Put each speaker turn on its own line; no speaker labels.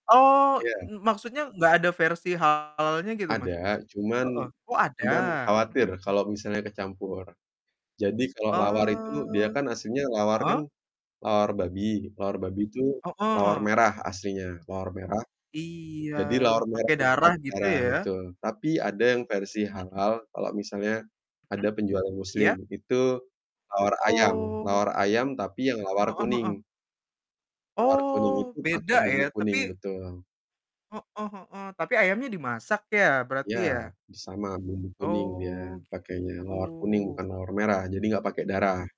Oh,
Iya.
m maksudnya nggak ada versi halalnya gitu, Mas?
Ada,
Heeh.
cuman
Oh ada.
cuman
Mhm
khawatir
mhm.
kalau misalnya kecampur. Jadi kalau lawar
Eee,
itu, dia kan aslinya lawar kan
heeh.
lawar babi. Lawar babi itu lawar
Heeh.
merah aslinya. Lawar merah.
Iya,
Jadi lawar merah
pakai
itu
darah
pakai
gitu
darah,
ya?
betul. Tapi ada yang versi
Mmm.
halal, kalau misalnya ada
Mhm,
penjual yang muslim,
iya?
itu lawar ayam.
Oh.
Lawar ayam tapi yang lawar
Heeh heeh.
kuning. Lawar kuning
Oh,
itu pakai
beda
bumbu
ya,
kuning,
tapi
betul.
Heeh heeh. Tapi ayamnya dimasak ya, berarti
Ya,
ya?
sama bumbu kuning dia
Oh,
pakainya, lawar kuning
gitu.
bukan lawar merah. Jadi nggak pakai darah.